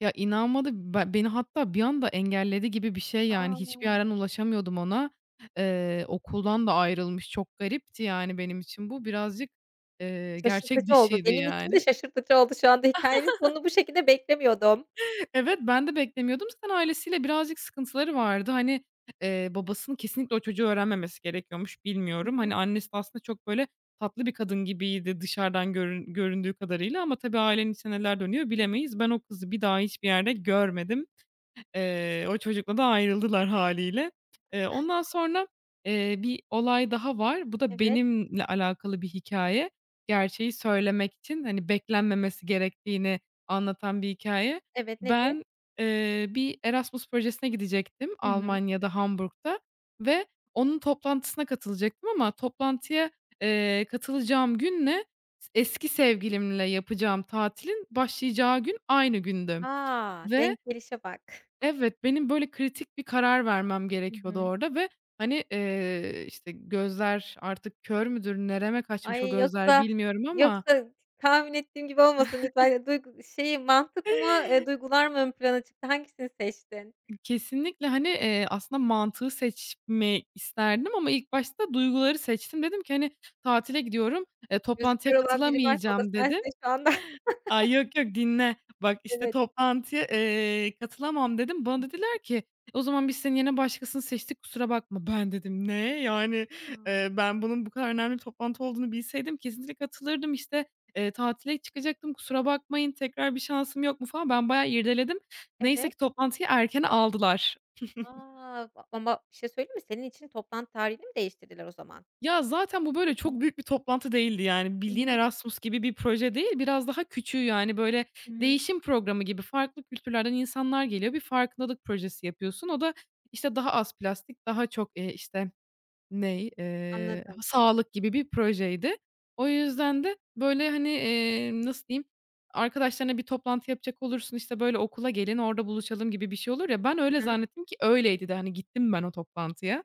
Ya, inanmadı. Ba beni hatta bir anda engelledi gibi bir şey, yani hiçbir A! yerden ulaşamıyordum ona. Eee, okuldan da ayrılmış. Çok garipti, yani, benim için bu birazcık, eee, gerçek Şaşırtıcı oldu, dışıydı benim için de yani. şaşırtıcı oldu şu anda. Hikâyenin sonunu bu şekilde beklemiyordum. Evet, ben de beklemiyordum. Zaten ailesiyle birazcık sıkıntıları vardı. Hani, eee, babasının kesinlikle o çocuğu öğrenmemesi gerekiyormuş, Hı bilmiyorum. hı. Hani, annesi de aslında çok, böyle, tatlı bir kadın gibiydi dışarıdan görün göründüğü kadarıyla ama tabii ailenin içinde neler dönüyor Tabii. bilemeyiz. Ben o kızı bir daha hiçbir yerde görmedim. Eee, o çocukla da ayrıldılar, hâliyle. Eee, ondan sonra, eee, bir olay daha var. Bu da Evet. benimle alakalı bir hikâye, Gerçeği söylemek için, hani, beklenmemesi gerektiğini anlatan bir hikâye. Evet, nedir? Ben, eee, bir Erasmus projesine gidecektim Hı hı. Almanya'da, Hamburg'ta ve onun toplantısına katılacaktım ama toplantıya, eee, katılacağım günle s eski sevgilimle yapacağım tatilin başlayacağı gün aynı gündü. Ha, Ve denk gelişe bak. Evet, benim böyle kritik bir karar vermem Hı gerekiyordu hı. orada ve, hani, eee, işte, gözler artık kör müdür? Nereme kaçmış o Ay! gözler, Yoksa, bilmiyorum yoksa ama t tahmin ettiğim gibi olmasın lütfen. Eee, duyg şeyi Mantık mı, eee, duygular mı ön plana çıktı? Hangisini seçtin? I kesinlikle. Hani, eee, aslında mantığı seçmeyi isterdim ama ilk başta duyguları seçtim. Dedim ki, "Hani, tatile gidiyorum, eee, Gözü kör toplantıya olan biri varsa o da katılamayacağım." dedim. sensin şu anda. Ay, yok, yok. Dinle, bak, işte, Evet. "Toplantıya, Hı hı. eee, katılamam." dedim. Hı Bana hı. dediler ki, "O zaman biz senin yerine başkasını seçtik, kusura bakma." Ben dedim, "Ne? Yani, Imm. eee, ben bunun bu kadar önemli toplantı olduğunu bilseydim kesinlikle katılırdım. İşte, eee, tatile çıkacaktım. Kusura bakmayın, tekrar bir şansım yok mu?" falan. Ben bayağı irdeledim. Neyse Evet. ki toplantıyı erkene aldılar. A! A ama bir şey söyleyeyim mi? Senin için toplantı tarihini mi değiştirdiler, o zaman? Ya, zaten bu Hı böyle hı. çok büyük bir toplantı değildi yani. Hı Bildiğin hı. Erasmus gibi bir proje değil, biraz daha küçüğü. Yani, böyle, Hı hı. değişim programı gibi, farklı kültürlerden insanlar geliyor. Bir farkındalık projesi yapıyorsun. O da, işte, daha az plastik, daha çok, eee, işte, ney? Eee, Anladım. sağlık gibi bir projeydi. O yüzden de böyle, hani, eee, nasıl diyeyim? Arkadaşlarına bir toplantı yapacak olursun, işte, böyle, "Okula gelin, orada buluşalım." gibi bir şey olur ya. Ben öyle Hı hı. zannettim ki öyleydi de, hani, gittim ben o toplantıya.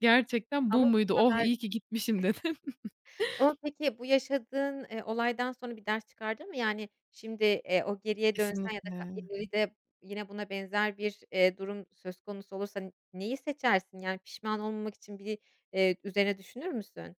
"Gerçekten Ama bu bu muydu? Oh! kadar İyi ki gitmişim." dedim. Ama peki bu yaşadığın, eee, olaydan sonra bir ders çıkardın mı? Yani, şimdi, eee, o geriye dönsen ka Kesinlikle. ya da ileride yine buna benzer bir, eee, durum söz konusu olursa neyi seçersin? Yani pişman olmamak için bir, eee, üzerine düşünür müsün?